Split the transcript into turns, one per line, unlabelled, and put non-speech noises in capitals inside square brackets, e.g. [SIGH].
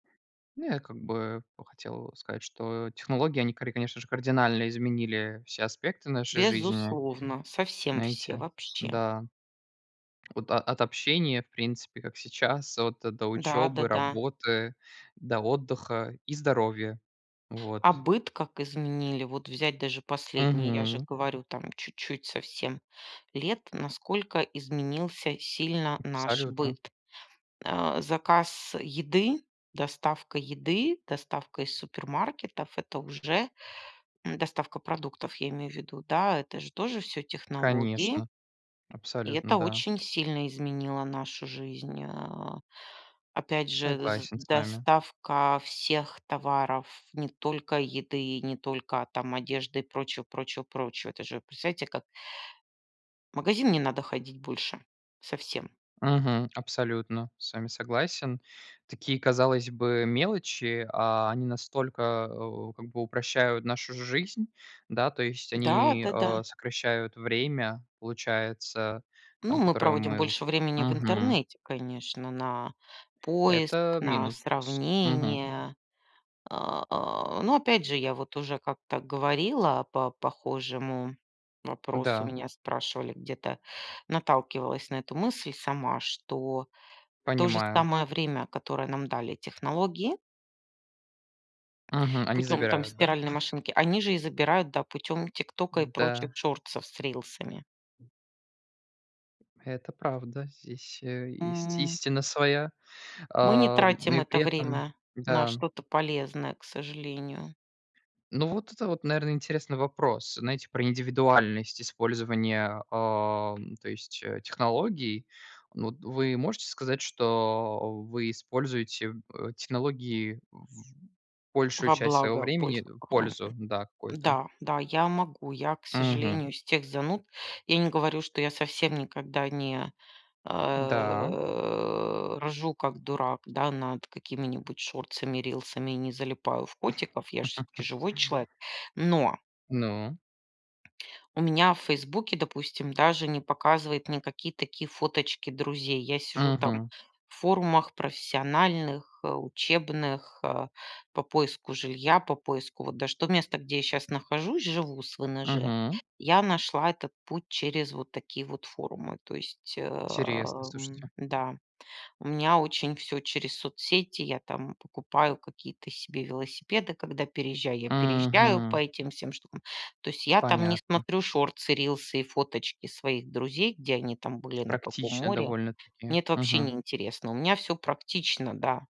Ну, я как бы, ну, хотел сказать, что технологии они кари конечно же, кардинально изменили все аспекты нашей жизни.
Безусловно. Совсем все.
Знаете.
Вообще.
Да. От от общения, в принципе как сейчас, вот до
Да.
учёбы,
Да-да.
работы, до отдыха и здоровья.
А
Вот.
быт как изменили? Вот взять даже последние, я же
Мгм.
говорю, там чуть-чуть совсем лет. Насколько изменился сильно наш
Абсолютно.
быт? А. Заказ еды, доставка еды, доставка из супермаркетов- это уже м, доставка продуктов, я имею в виду. Да, это же тоже всё технологии.
Конечно.
И
Абсолютно.
это
Да.
очень сильно изменило нашу жизнь, а. Опять же, з
Согласен с вами.
доставка всех товаров, не только еды и не только там одежды и прочего, прочего, прочего. Это же представляете, как в магазин не надо ходить больше. Совсем.
Мгм. Абсолютно с вами согласен. Такие, казалось бы, мелочи, а они настолько, э, у как бы упрощают нашу жизнь. Да. То есть
Да.
они, э,
Да-да.
сокращают время, получается,
Ну,
там,
мы
которое
проводим
мы у
больше времени в
Мгм.
интернете, конечно, на поиск,
Это
на
минус. Мгм.
сравнение. А, а. Но опять же, я вот уже как-то говорила по похожему вопросу.
Да.
Меня спрашивали где-то, наталкивалась на эту мысль сама, что то же
Понимаю.
самое время, которое нам дали технологии
Мгм. Они
путём там
забирают, да?
стиральной
[CHUCKLES]
машинки, они же и забирают, да, путём тиктока и прочих
М-да.
шортсов с рилсами.
Это правда, здесь, э, есть
М.
истина своя.
Мы не
Ам,
тратим
и
это
при этом
время на
да.
что-то полезное, к сожалению.
Ну, вот это вот, наверно, интересный вопрос. Знаете, про индивидуальность использования, ам, то есть, э, технологий. Ну, вот вы можете сказать, что вы используете в э, технологии в большую
Во
часть своего
благо
времени,
больше
э,
похо
пользу, да, какую-то?
Да, да, я могу. Я, к
Мгм.
сожалению, из тех зануд. Я не говорю, что я совсем никогда не,
Да.
э, ржу, как дурак, да, над какими-нибудь шортсами, рилсами и не залипаю в котиков. Я ж всё-таки
[LAUGHS]
живой человек, но
Ну.
у меня в фейсбуке, допустим, даже не показывает никакие такие фоточки друзей. Я сижу там
Мгм.
в форумах профессиональных, э, учебных, э, по поиску жилья, по поиску вот даже то место, где я щас нахожусь, живу с ВНЖ.
Мгм.
Я нашла этот путь через вот такие вот форумы. То есть, э,
Интересно,
м,
слушайте.
да, у меня очень всё через соцсети. Я там покупаю какие-то себе велосипеды, когда переезжаю. Я переезжаю по
Мгм.
этим всем штукам. То есть я там не
Понятно.
смотрю шортсы, рилсы и фоточки своих друзей, где они там
Всё
были, на каком
практично
море.
довольно-таки.
Мне это вообще не
Мгм.
интересно. У меня всё практично, да.